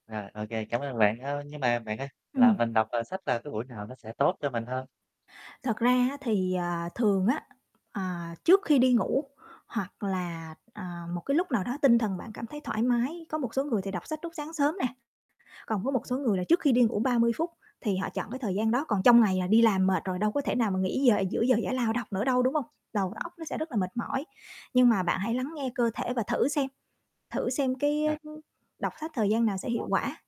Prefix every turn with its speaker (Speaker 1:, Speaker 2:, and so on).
Speaker 1: À, OK, cảm ơn bạn. Ơ, nhưng mà bạn ơi, là
Speaker 2: Ừm.
Speaker 1: mình đọc, ờ, sách là cái buổi nào nó sẽ tốt cho mình hơn?
Speaker 2: Thật ra á, thì, à, thường á, à, trước khi đi ngủ hoặc là, à, một cái lúc nào đó tinh thần bạn cảm thấy thoải mái. Có một số người thì đọc sách lúc sáng sớm nè, còn với một số
Speaker 1: Ừm.
Speaker 2: người là trước khi đi ngủ 30 phút, thì họ chọn cái thời gian đó, còn trong ngày là đi làm mệt rồi đâu có thể nào mà nghỉ giờ giữa giờ giải lao đâu nữa đâu, đúng hông? Đầu
Speaker 1: Ừm.
Speaker 2: óc nó sẽ rất là mệt mỏi. Nhưng mà bạn hãy lắng nghe cơ thể và thử xem, thử xem cái, ơ,
Speaker 1: Rồi.
Speaker 2: ưm, đọc sách thời gian nào sẽ hiệu
Speaker 1: [unintelligible]
Speaker 2: quả.